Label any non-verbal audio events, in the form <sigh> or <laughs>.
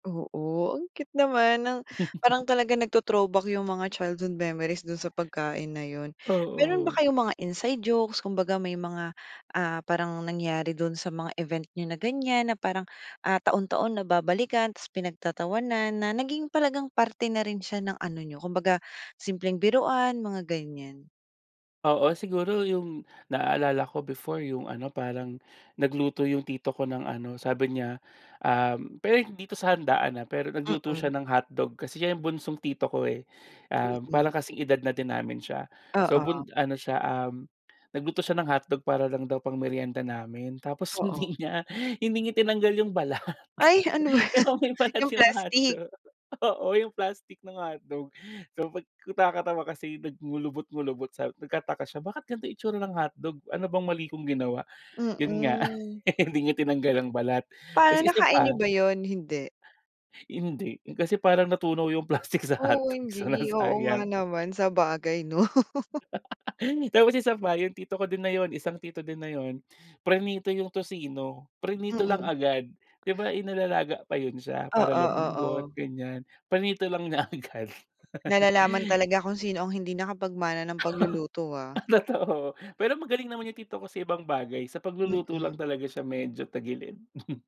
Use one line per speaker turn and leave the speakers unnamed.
Oo, ang cute naman ng
<chuckles>
parang talaga nagto-throwback yung mga childhood memories dun sa pagkain na yun. Meron ba
Oo.
kayong mga inside jokes, kumbaga may mga, ah, parang nangyari dun sa mga event niyo na ganyan na parang, ah, taon-taon na babalikan tapos pinagtatawanan na naging talagang parte na rin siya ng ano niyo kumbaga simpleng biruan mga ganyan?
Oo siguro yung, naalala ko before yung ano, parang nagluto yung tito ko ng ano sabi niya, um, pero dito sa handaan, ah, pero nagluto siya
Mm.
ng hotdog kasi siya yung bunsong tito ko eh. Um, parang
Mm.
kasing edad na din namin siya, so
Oo.
bun ano siya, um, nagluto siya ng hotdog para lang daw pang meryenda namin tapos
Oo.
hindi nga, hindi niya tinanggal yung balat.
Ay ano ba
'Di
yan,
ba may balat
yung
yung mga
plastik?
hotdog, oo yung plastik ng hotdog so pag nakakatawa kasi nag nag-kukulubot-kulubot so nagtataka siya, "Bakit ganito itsura ng hotdog? Ano bang mali kong ginawa?" Yun nga,
Mm.
<laughs> hindi niya tinanggal ang balat tapos
Pa
isa
nakain
pa
niyo ba yun? Hindi.
Hindi, kasi parang natunaw yung plastik sa
Oo
hotdog so
hindi, oo
nasayang.
nga naman sabagay 'no. <laughs>
<laughs> Tapos isa pa yung tito ko din na yun isang tito din na yun, prinito yung tocino, prinito lang
Mm.
agad 'di ba inilalaga pa yun siya
Oo
para lumambot
oo.
ganyan, prinito lang niya agad.
Nalalaman talaga kung sino ang hindi nakapag-mana ng pagluluto, ah.
<laughs> Totoo pero magaling naman yung tito ko sa ibang bagay sa pagluluto lang
Mm.
talaga siya medyo tagilid. <chuckles>